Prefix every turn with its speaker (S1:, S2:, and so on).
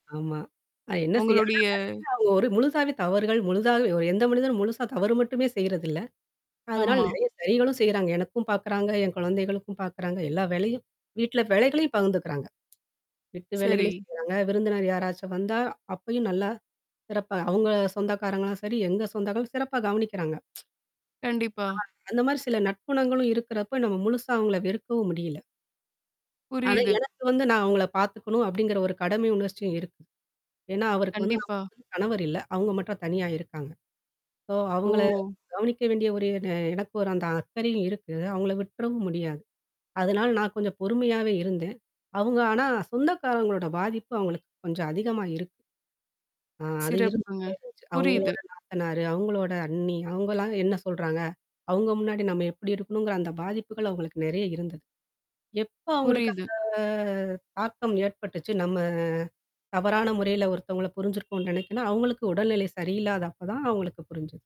S1: ஆமா. அ என்ன செய்யா. ஆனா
S2: உங்களுடைய
S1: அவங்க என்ன ஒரு முழுசாவே தவறுகள், முழுதாகவே ஒரு எந்த மனிதனும் முழுசா தவறு மட்டுமே செய்றதில்ல. அதனால
S2: ஆமா.
S1: நெறைய சரிகளும் செய்றாங்க. எனக்கும் பாக்கறாங்க, என் குழந்தைகளுக்கும் பாக்கறாங்க. எல்லா வேலையும். வீட்ல வேலைகளையும் பகிர்ந்துக்கிறாங்க. வீட்டு
S2: சரி.
S1: வேலைகளும் செய்றாங்க. விருந்தினர் யாராச்சும் வந்தா அப்பயும் நல்லா, சிறப்பா, அவங்க சொந்தக்காரங்கனா சரி, எங்க சொந்தங்கள் சிறப்பா கவனிக்கறாங்க.
S2: கண்டிப்பா.
S1: [unintelligible] அந்த மாரி சில நட்புணங்களும் இருக்கறப்ப நம்ம முழுசா அவங்கள வெறுக்கவும் முடியில. ஆனா,
S2: புரியுது.
S1: எனக்கு வந்து நான் அவங்கள பாத்துக்கணும் அப்டிங்கற ஒரு கடமை உணர்சியம் இருக்கு. ஏன்னா, அவருக்கு வந்து
S2: கண்டிப்பா.
S1: அவங்களுக்குன்னு கணவர் இல்ல. அவுங்க மட்டும் தனியா இருக்காங்க. சோ அவங்கள
S2: ஓ!
S1: கவனிக்க வேண்டிய ஒரு என எனக்கு ஒரு அந்த அக்கறையும் இருக்கு. அவங்கள விட்டுறவும் முடியாது. அதனால நான் கொஞ்சம் பொறுமையாவே இருந்தேன். அவங்க ஆனா சொந்தக்காரங்களோட பாதிப்பு அவங்களுக்கு கொஞ்சம் அதிகமா இருக்கு. ஆ அது
S2: சிறப்புங்க.
S1: இருந்துட்டே இருந்துச்சு.
S2: புரியுது.
S1: அவங்களோட நாத்தனாரு, அவங்களோட அண்ணி அவங்கலாம் என்ன சொல்றாங்க? அவங்க முன்னாடி நம்ம எப்படி இருக்கணுங்கற அந்த பாதிப்புகள் அவங்களுக்கு நெறைய இருந்தது. எப்ப அவங்களுக்கு
S2: புரியுது.
S1: அந்த? தாக்கம் ஏற்பட்டுச்சு. நம்ம தவறான முறைல ஒருத்தங்கள புரிஞ்சிருக்கோனு நினைக்கணும், அவங்களுக்கு உடல்நிலை சரியில்லாதப்ப தான் அவங்களுக்கு புரிஞ்சுது.